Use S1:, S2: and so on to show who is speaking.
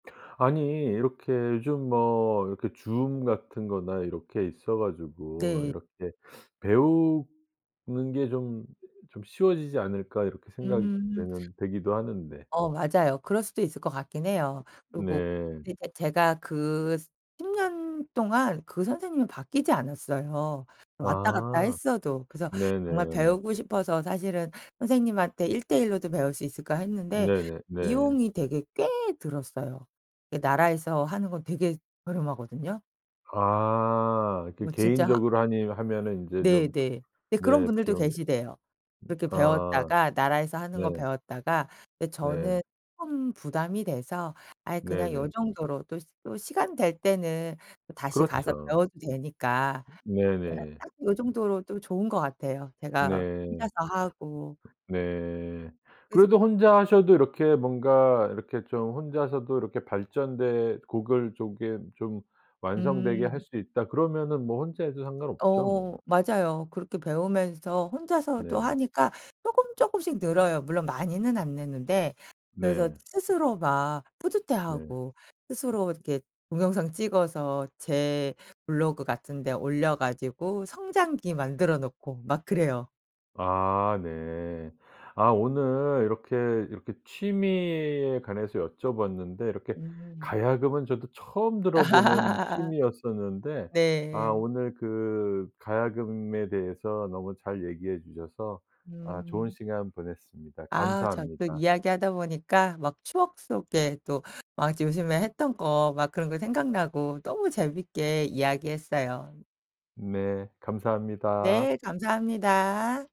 S1: 아니 이렇게 요즘 뭐 이렇게 줌 같은 거나 이렇게 있어 가지고
S2: 네.
S1: 이렇게 '배우는 게 좀, 좀 쉬워지지 않을까?' 이렇게 생각이
S2: 음.
S1: 되는 되기도 하는데.
S2: 어 맞아요. 그럴 수도 있을 것 같긴
S1: 어
S2: 해요. 그리고
S1: 네.
S2: 그러니까 제가 그 스 10 년 동안 그 선생님이 바뀌지 않았어요 왔다 갔다
S1: 아.
S2: 했어도. 그래서 정말
S1: 네네.
S2: 배우고 싶어서 사실은 '선생님한테 1 대 1 로도 배울 수 있을까.' 했는데
S1: 네네네.
S2: 비용이 되게 꽤 들었어요. 예 나라에서 하는 건 되게 저렴하거든요.
S1: 아. 그
S2: 뭐 진짜
S1: 개인적으로 하니 하면은 인제 좀
S2: 네네. 예 그런
S1: 네
S2: 분들도
S1: 비용이
S2: 계시대요
S1: 음
S2: 그렇게
S1: 아.
S2: 배웠다가 나라에서 하는
S1: 네.
S2: 거 배웠다가. 근데
S1: 네.
S2: 저는 좀 부담이 돼서 아이 그냥 요
S1: 네네.
S2: 정도로 또 스 또 시간 될 때는 다시 가서
S1: 그렇죠.
S2: 배워도 되니까.
S1: 음
S2: 그냥
S1: 네네.
S2: 딱 요 정도로 또 좋은 것 같아요 제가
S1: 네.
S2: 혼자서 하고.
S1: 네.
S2: 그래서
S1: 그래도 혼자 하셔도 이렇게 뭔가 이렇게 좀 혼자서도 이렇게 발전된 곡을 조겜 좀 완성되게 할
S2: 음.
S1: 수 있다 그러면은 뭐 혼자 해도 상관없죠 뭐.
S2: 어 맞아요. 그렇게 배우면서 혼자서도
S1: 네.
S2: 하니까 쪼끔 쪼끔씩 늘어요 물론 많이는 안 느는데. 그래서
S1: 네.
S2: 스스로 막
S1: 네.
S2: 뿌듯해하고 스스로 이렇게
S1: [unintelligible]
S2: 동영상 찍어서 제 블로그 같은 데 올려 가지고 성장기 만들어 놓고 막 그래요.
S1: 아 네. 아 오늘 이렇게, 이렇게 취미에 관해서 여쭤 봤는데 이렇게
S2: 음.
S1: 가야금은 저도 처음 들어보는 취미였었는데 아
S2: 네.
S1: 오늘 그 가야금에 대해서 너무 잘 얘기해 주셔서 아 좋은
S2: 음.
S1: 시간 보냈습니다.
S2: 아 저 또
S1: 감사합니다.
S2: 이야기하다 보니까 막 추억 속에 또 막 요즘에 했던 거 막 그런 거 생각나고 너무 재밌게 이야기했어요.
S1: 네. 감사합니다.
S2: 네. 감사합니다.